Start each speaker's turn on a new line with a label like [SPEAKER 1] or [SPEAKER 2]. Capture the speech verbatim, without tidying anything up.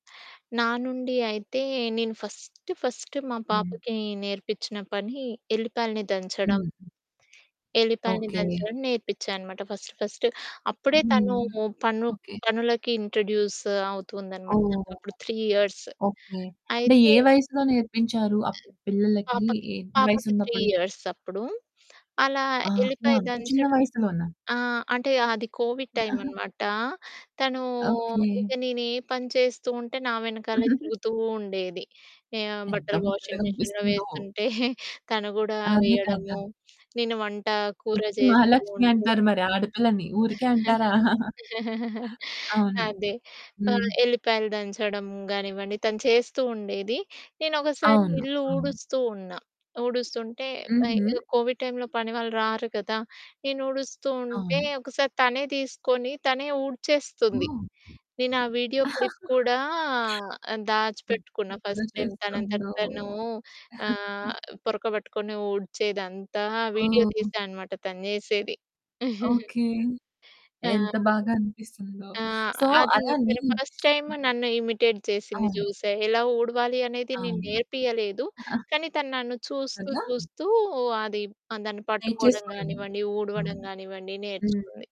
[SPEAKER 1] నా నుండి అయితే నేను ఫస్ట్ ఫస్ట్ మా
[SPEAKER 2] హ్మ్.
[SPEAKER 1] పాపకి నేర్పిచ్చిన పని ఎల్లిపాయల్ని దంచడం.
[SPEAKER 2] హుహు.
[SPEAKER 1] ఎల్లిపాయల్ని
[SPEAKER 2] ఓకే.
[SPEAKER 1] దంచడం నేర్పిచ్చా అనమాట ఫస్ట్ ఫస్ట్. అప్పుడే
[SPEAKER 2] హ్మ్,
[SPEAKER 1] తను పను
[SPEAKER 2] ఓకే.
[SPEAKER 1] పనులకి ఇంట్రొడ్యూస్ అవుతుందన్నమాట.
[SPEAKER 2] ఓహ్!
[SPEAKER 1] తనకప్పుడు త్రీ ఇయర్స్
[SPEAKER 2] ఓకే అంటే
[SPEAKER 1] అయితే
[SPEAKER 2] ఏ వయసులో నేర్పించారు? అప్పుడు పిల్లలకి
[SPEAKER 1] పాపకి,
[SPEAKER 2] ఎంత
[SPEAKER 1] పాపకి త్రీ
[SPEAKER 2] వయసున్నప్పుడు?
[SPEAKER 1] ఇయర్స్ అప్పుడు. అలా
[SPEAKER 2] ఆహా!
[SPEAKER 1] ఎల్లిపాయి
[SPEAKER 2] అంత చిన్న
[SPEAKER 1] దంచడం
[SPEAKER 2] వయసులోన?
[SPEAKER 1] ఆ! అంటే అది కోవిడ్ టైమ్ అనమాట. తనూ ఇక
[SPEAKER 2] ఓకే.
[SPEAKER 1] నేను ఏ పని చేస్తూ ఉంటే, నా వెనకాలే తిరుగుతూ ఉండేది. ఆహ్,
[SPEAKER 2] ఎంత
[SPEAKER 1] బట్టలు వాషింగ్ మిషన్‌లో
[SPEAKER 2] ముచ్చటగనిపిస్తుందో.
[SPEAKER 1] వేస్తుంటే తను గూడా
[SPEAKER 2] అదే కదా!
[SPEAKER 1] వేయడము. నేను వంట కూర
[SPEAKER 2] ఇంటికి
[SPEAKER 1] చేస్తూ
[SPEAKER 2] మహాలక్ష్మి
[SPEAKER 1] ఉంటే
[SPEAKER 2] అంటారు మరి ఆడపిల్లని ఊరికే అంటారా? అవును.
[SPEAKER 1] అదే. ఆహ్,
[SPEAKER 2] హ్మ్.
[SPEAKER 1] ఎల్లిపాయలు దంచడం గానివ్వండి, తను చేస్తూ ఉండేది. నేను ఒకసారి
[SPEAKER 2] అవును.
[SPEAKER 1] ఇల్లు
[SPEAKER 2] అవును.
[SPEAKER 1] ఊడుస్తూ ఉన్నా. ఊడుస్తుంటే వయ్ ఏదో
[SPEAKER 2] హుహు.
[SPEAKER 1] కోవిడ్ టైమ్‌లో పని వాళ్ళు రారు కదా. నేను ఊడుస్తూ ఉంటే,
[SPEAKER 2] అవును.
[SPEAKER 1] ఒకసారి తనే తీసుకొని తనే ఊడ్చేస్తుంది.
[SPEAKER 2] ఓహ్!
[SPEAKER 1] నేను ఆ వీడియో క్లిప్ కూడా ఆహ్,
[SPEAKER 2] హ్మ్.
[SPEAKER 1] దాచిపెట్టుకున్నా ఫస్ట్
[SPEAKER 2] [unintelligible]
[SPEAKER 1] టైమ్ తనంతట
[SPEAKER 2] చేస్తుందో!
[SPEAKER 1] తను ఆహ్, పొరక పట్టుకొని ఊడ్చేదంతా వీడియో
[SPEAKER 2] ఓహ్!
[SPEAKER 1] తీసా అనమాట తను జేసేది.
[SPEAKER 2] ఓకే.
[SPEAKER 1] టా
[SPEAKER 2] ఎంత బాగా
[SPEAKER 1] [unintelligible]
[SPEAKER 2] అనిపిస్తుందో.
[SPEAKER 1] ఆ!
[SPEAKER 2] సో,
[SPEAKER 1] అది
[SPEAKER 2] అలానే
[SPEAKER 1] తను ఫస్ట్ టైమ్
[SPEAKER 2] హ్మ్.
[SPEAKER 1] నన్ను ఇమిటేట్ జేసింది
[SPEAKER 2] అవును.
[SPEAKER 1] చూసా. ఎలా ఊడవాలి అనేది నేను
[SPEAKER 2] అవును.
[SPEAKER 1] నేర్పియలేదు. కానీ తను నన్ను చూస్తూ
[SPEAKER 2] కదా!
[SPEAKER 1] చూస్తూ అది ప దాన్ని పట్టుకోవడం
[SPEAKER 2] నేర్చేసుకొనెను.
[SPEAKER 1] గానివ్వండి, ఊడవడం
[SPEAKER 2] అవును,
[SPEAKER 1] గానివ్వండి
[SPEAKER 2] హ్మ్.
[SPEAKER 1] నేర్చుకుంది.